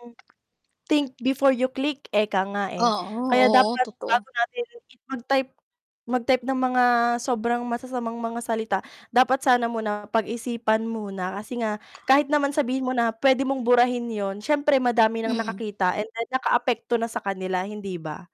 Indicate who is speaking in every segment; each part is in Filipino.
Speaker 1: Hmm. Think before you click, ika nga, eh.
Speaker 2: Oo,
Speaker 1: Kaya
Speaker 2: oo,
Speaker 1: dapat
Speaker 2: totoo.
Speaker 1: bago natin i mag-type mag-type ng mga sobrang masasamang mga salita, dapat sana muna pag-isipan muna kasi nga kahit naman sabihin mo na pwede mong burahin yun, siyempre madami ng
Speaker 2: Mm.
Speaker 1: nakakita and then nakaapekto na sa kanila, hindi ba?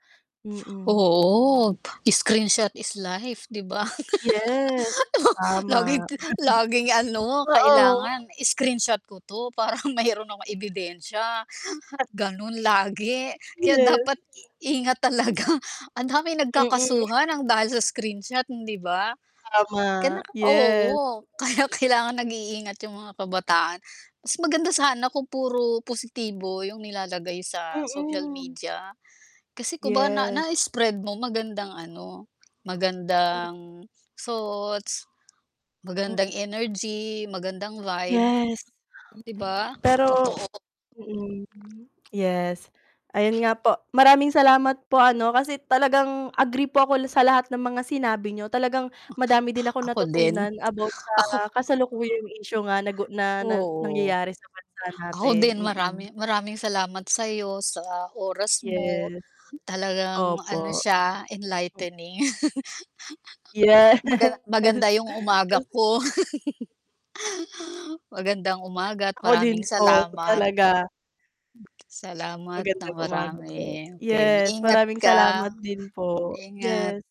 Speaker 1: Mm.
Speaker 2: Oo, screenshot is life 'di ba.
Speaker 1: Yes,
Speaker 2: Oo, laging
Speaker 1: tama.
Speaker 2: ti laging ano,
Speaker 1: Oo.
Speaker 2: kailangan screenshot ko 'to para meron akong
Speaker 1: M
Speaker 2: ebidensya.
Speaker 1: A
Speaker 2: Gano’n lagi kaya
Speaker 1: Yes.
Speaker 2: dapat i ingat talaga. Ang daming
Speaker 1: Mm.
Speaker 2: nagkakasuhan ng dahil sa screenshot, hindi ba? Ka
Speaker 1: Tama,
Speaker 2: naka
Speaker 1: yes.
Speaker 2: oo, kaya kailangan nag-iingat yung mga kabataan. Mas maganda sana kung puro positibo yung nilalagay sa social
Speaker 1: Mm.
Speaker 2: media. Kasi kumbaga na
Speaker 1: Yes.
Speaker 2: na-spread mo magandang ano,
Speaker 1: Mm.
Speaker 2: magandang thoughts,
Speaker 1: Mm.
Speaker 2: magandang energy, magandang vibe.
Speaker 1: Yes.
Speaker 2: ‘Di ba,
Speaker 1: Pero
Speaker 2: totoo.
Speaker 1: mm, yes ayun nga po. Maraming salamat po ano, kasi talagang agree po ako l sa lahat ng mga sinabi niyo, talagang madami din akong
Speaker 2: Ako din.
Speaker 1: natutunan about sa
Speaker 2: Ako
Speaker 1: kasalukuyang issue nga nagu na nang
Speaker 2: Oo.
Speaker 1: nangyayari sa bansa
Speaker 2: Ako
Speaker 1: natin.
Speaker 2: din
Speaker 1: Mm.
Speaker 2: marami maraming salamat sa’yo, sa oras mo,
Speaker 1: Yes.
Speaker 2: talagang ano
Speaker 1: Opo.
Speaker 2: siya
Speaker 1: O
Speaker 2: enlightening
Speaker 1: Yes,
Speaker 2: Magana maganda yung umaga
Speaker 1: kasi mm.
Speaker 2: ko. Magandang umaga at
Speaker 1: Ako din
Speaker 2: maraming
Speaker 1: po
Speaker 2: salamat.
Speaker 1: talaga.
Speaker 2: Salamat nang
Speaker 1: Magandang umaga po.
Speaker 2: marami. Okey,
Speaker 1: Yes,
Speaker 2: ingat
Speaker 1: maraming
Speaker 2: ka.
Speaker 1: salamat din po.
Speaker 2: Ingat.
Speaker 1: Yes.